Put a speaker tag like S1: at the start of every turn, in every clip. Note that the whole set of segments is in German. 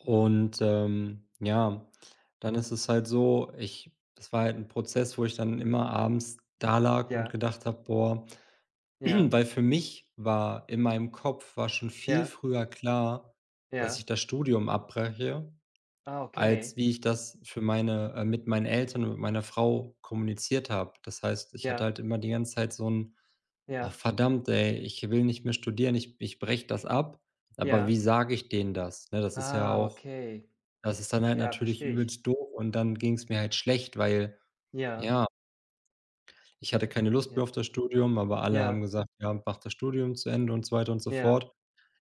S1: Und, ähm ja, dann ist es halt so, ich das war halt ’n Prozess, wo ich dann immer abends da lag und
S2: Ja.
S1: gedacht habe: „Boah“,
S2: Ja.
S1: weil für mich war in meinem Kopf war schon viel
S2: Ja.
S1: früher klar, dass
S2: Ja.
S1: ich das Studium abbreche,
S2: Ah,
S1: als
S2: okay.
S1: wie ich das für meine, äh mit meinen Eltern und mit meiner Frau kommuniziert habe. Das heißt, ich hatte
S2: Ja.
S1: halt immer die ganze Zeit so 'n „Oh,
S2: Ja.
S1: verdammt, ey, ich will nicht mehr studieren. Ich ich breche das ab. Aber
S2: Ja.
S1: wie sage ich denen das?“, ne? Das ist ja
S2: Ah,
S1: auch
S2: okay.
S1: das ist dann halt
S2: Ja,
S1: natürlich
S2: verstehe ich.
S1: übelst doof und dann ging's mir halt schlecht, weil
S2: Ja.
S1: ja Ich hatte keine Lust mehr
S2: Ja.
S1: auf das Studium, aber alle haben
S2: Ja.
S1: gesagt: „Ja, mach das Studium zu Ende“, und so weiter und so
S2: Ja.
S1: fort.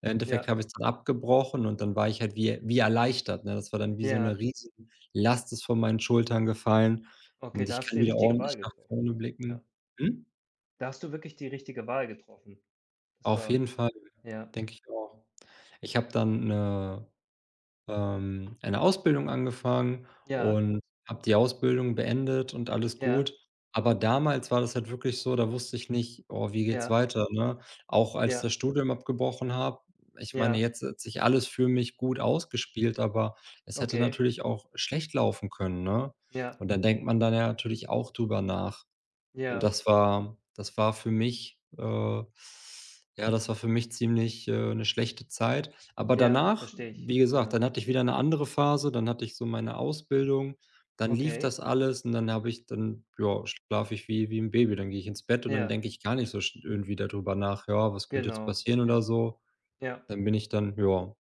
S1: Endeffekt
S2: Ja.
S1: habe ich's dann abgebrochen und dann war ich halt wie er wie erleichtert, ne? Das war dann wie: So 'ne
S2: Ja.
S1: Riesenlast ist von meinen Schultern gefallen
S2: Okay,
S1: und
S2: da
S1: ich
S2: hast
S1: kann
S2: du die
S1: wieder
S2: richtige
S1: ordentlich
S2: Wahl
S1: nach
S2: getroffen.
S1: vorne
S2: Ja.
S1: blicken. Hm?
S2: Da hast du wirklich die richtige Wahl getroffen. Das
S1: Auf
S2: war
S1: jeden Fall,
S2: ja.
S1: denke ich auch. Ich habe dann 'ne, ähm eine Ausbildung angefangen
S2: Ja.
S1: und habe die Ausbildung beendet und alles gut.
S2: Ja.
S1: Aber damals war das halt wirklich so, da wusste ich nicht: „Oh, wie geht's
S2: Ja.
S1: weiter?“, ne? Auch als das
S2: Ja.
S1: Studium abgebrochen habe ich meine,
S2: Ja.
S1: jetzt hat sich alles für mich gut ausgespielt, aber es hätte
S2: Okay.
S1: natürlich auch schlecht laufen können, ne?
S2: Ja.
S1: Und dann denkt man dann ja natürlich auch drüber nach und
S2: Ja.
S1: das war das war für mich, äh ja, das war für mich ziemlich äh, 'ne schlechte Zeit. Aber
S2: Ja,
S1: danach,
S2: verstehe ich.
S1: wie gesagt,
S2: Ja.
S1: dann hatte ich wieder 'ne andere Phase, dann hatte ich so meine Ausbildung, dann lief
S2: Okay.
S1: das alles und dann habe ich dann ja, schlafe ich wie wie 'n Baby. Dann gehe ich ins Bett und dann
S2: Ja.
S1: denke ich gar nicht so sch irgendwie da drüber nach: „Ja, was könnte jetzt
S2: Genau.
S1: passieren?“, oder
S2: Ja.
S1: so.
S2: Ja.
S1: Dann bin ich dann ja.